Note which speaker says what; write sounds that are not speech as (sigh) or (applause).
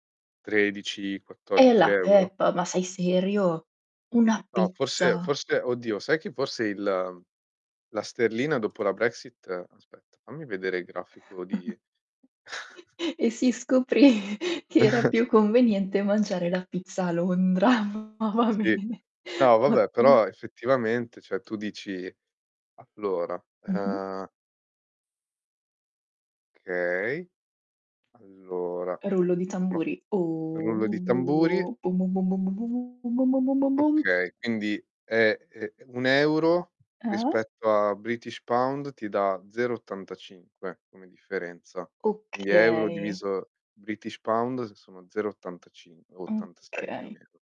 Speaker 1: tredici
Speaker 2: Eh
Speaker 1: quattordici
Speaker 2: la
Speaker 1: euro?
Speaker 2: peppa, ma sei serio? Una
Speaker 1: No, forse
Speaker 2: pizza?
Speaker 1: forse, oddio sai che forse il la sterlina dopo la Brexit aspetta, fammi vedere il grafico di
Speaker 2: (chuckles)
Speaker 1: (chuckles)
Speaker 2: E si scoprì che era più
Speaker 1: (chuckles)
Speaker 2: conveniente mangiare la pizza a Londra. Va
Speaker 1: Sì.
Speaker 2: bene,
Speaker 1: No, vabbè,
Speaker 2: ottimo.
Speaker 1: però effettivamente, cioè, tu dici allora,
Speaker 2: Mh-mh.
Speaker 1: ehm Okay. Allora,
Speaker 2: Rullo di
Speaker 1: (unintelligible)
Speaker 2: tamburi. O
Speaker 1: rullo di tamburi.
Speaker 2: bum bum bum bum bum bum bum bum bum bum bum bum bum.
Speaker 1: Okay, quindi è, eh, 1 €
Speaker 2: Ah?
Speaker 1: rispetto a british pound ti dà 0,85 come differenza. Quindi euro
Speaker 2: Okay.
Speaker 1: diviso british pound s sono 0,85 o 86 più o
Speaker 2: Okay.
Speaker 1: meno.